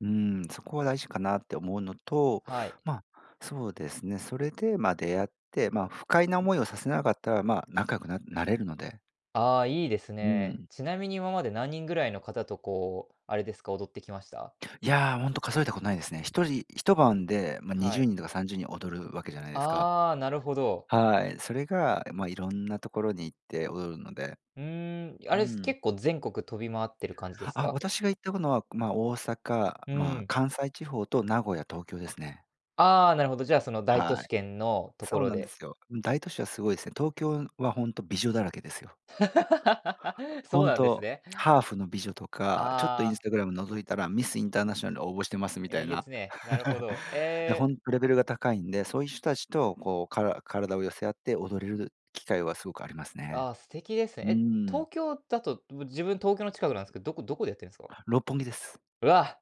うーん、そこは大事かなって思うのと、はい。ま、そうですね、それで、ま、出会って、ま、不快な思いをさせなかったら、ま、仲良くなるなれるので。ああ、いいですうね。ん。ちなみに今まで何人ぐらいの方とこう、あれですか、踊ってきました？いや、ほんと数えたことないですね。1人一晩で、ま、にはじゅい。うにんとか30人踊るわけじゃないですか。ああ、なるほど。はい、それがまあ、いろんなところに行って踊るので、うーん、あうれ、すん。結構全国飛び回ってる感じですあ、か？私が行ったこのは、ま、大阪、うま、ん。関西地方と名古屋、東京ですね。ああ、なるほど、じゃあ、その大都は市い。圏のとこそうろなんでで。すよ。大都市はすごいすね。東京はほんと美女だらけですよ。そう本なんです当、ね。ハーフの美女とか、ちょっとあインスあ。タグラム覗いたらミスインターナショナルに応募してますみたえいげつな。ね、なるほ ど、や、えほえ。んと、レベルが高いんで、そういう人たちとこう、から体を寄せ合って踊れる機会はすごくありますね。あ、素敵ですね。うーえ、東ん。京だと、うぶ自分東京の近くなんすけど、どこどこでやってるんすか？六本木です。うわ、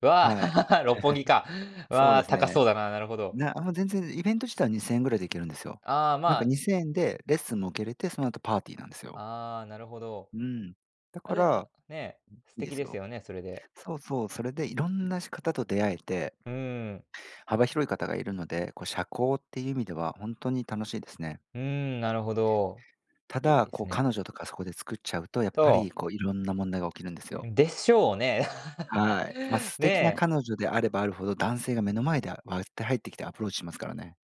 うわ、はい。六本木 か。そうでわ、す高ね。そうだな、なるほど。なもう全然イベント自体は2000円ぐらいで行けるんですよ。ああ、なんまかあ2000円でレッスンも受けれて、その後パーティーなんですよ。ああ、なるほど。うん、だあ、かでも、ら、ね、素いいで敵すですよ。よね、それで。そうそう、それでいろんなし方と出会えてうーん。幅広い方がいるので、こう社交っていう意味ではほんとに楽しいですね。うーん、なるほど、たいいだ、でこすうね。彼女とかそこで作っちゃうと、やっぱりとこういろんな問題が起きるんですうよ。ん、でしょうね。はい。ま、素敵なね。彼女であればあるほど、男性が目の前だ、わって入ってきてアプローチしますからね。